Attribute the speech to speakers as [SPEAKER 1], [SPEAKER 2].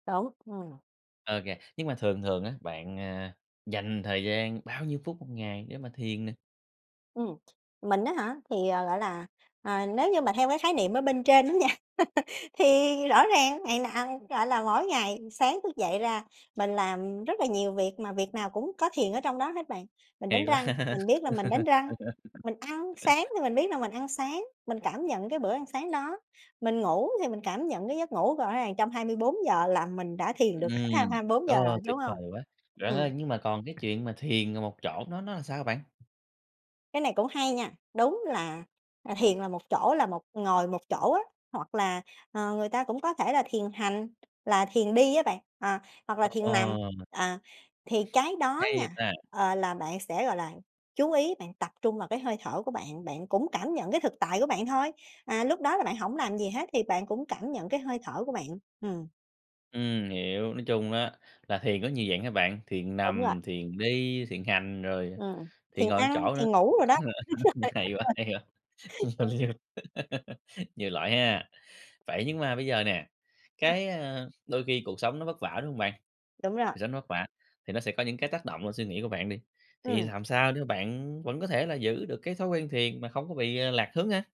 [SPEAKER 1] Đúng, ừm.
[SPEAKER 2] Ơ nghe, nhưng mà thường thường á, bạn, ờ, dành thời gian bao nhiêu phút 1 ngày để mà thiền nè?
[SPEAKER 1] Ừm, mình á hả thì, à, gọi là, ờ, nếu như mà theo cái khái niệm ở bên trên đó nha thì rõ ràng ngày nào, gọi là, mỗi ngày sáng thức dậy ra mình làm rất là nhiều việc mà việc nào cũng có thiền ở trong đó hết bạn. Mình
[SPEAKER 2] Hay
[SPEAKER 1] đánh
[SPEAKER 2] quá.
[SPEAKER 1] răng, mình biết là mình đánh răng, mình ăn sáng thì mình biết là mình ăn sáng, mình cảm nhận cái bữa ăn sáng đó, mình ngủ thì mình cảm nhận cái giấc ngủ, gõ ràng trong 24 giờ là mình đã thiền
[SPEAKER 2] Ừm,
[SPEAKER 1] được hết hai hai bốn giờ rồi,
[SPEAKER 2] ờ, tuyệt
[SPEAKER 1] đúng
[SPEAKER 2] vời
[SPEAKER 1] hông?
[SPEAKER 2] quá. Bạn ơi,
[SPEAKER 1] Ừm.
[SPEAKER 2] nhưng mà còn cái chuyện mà thiền ngồi một chỗ nó nó là sao bạn?
[SPEAKER 1] Cái này cũng hay nha, đúng là, à, thiền là một chỗ là một ngồi một chỗ á, hoặc là, ờ, người ta cũng có thể là thiền hành là thiền đi á bạn, à, hoặc là thiền nằm.
[SPEAKER 2] Ồ!
[SPEAKER 1] À, thì cái đó
[SPEAKER 2] Hay vậy
[SPEAKER 1] nha,
[SPEAKER 2] ta.
[SPEAKER 1] ờ, là bạn sẽ, gọi là, chú ý bạn tập trung vào cái hơi thở của bạn, bạn cũng cảm nhận cái thực tại của bạn thôi, à, lúc đó là bạn hổng làm gì hết thì bạn cũng cảm nhận cái hơi thở của bạn, ừm.
[SPEAKER 2] Ừm, hiểu, nói chung á, là thiền có nhiều dạng ha bạn, thiền
[SPEAKER 1] Đúng rồi.
[SPEAKER 2] nằm, thiền đi, thiền hành rồi
[SPEAKER 1] Ừm,
[SPEAKER 2] thiền
[SPEAKER 1] thiền
[SPEAKER 2] ngồi một
[SPEAKER 1] ăn,
[SPEAKER 2] chỗ nữa,
[SPEAKER 1] thiền ngủ đồ đó, đúng rồi, đúng
[SPEAKER 2] hay quá, hay quá,
[SPEAKER 1] rồi đúng.
[SPEAKER 2] [unintelligible] nhiều loại ha. Vậy nhưng mà bây giờ nè,
[SPEAKER 1] Ừm.
[SPEAKER 2] cái, ơ, đôi khi cuộc sống nó vất vả, đúng hông bạn?
[SPEAKER 1] Đúng rồi.
[SPEAKER 2] Cuộc sống nó vất vả thì nó sẽ có những cái tác động lên suy nghĩ của bạn đi, thì
[SPEAKER 1] Ừm.
[SPEAKER 2] làm sao để mà bạn vẫn có thể là giữ được cái thói quen thiền mà không có bị, à, lạc hướng ha?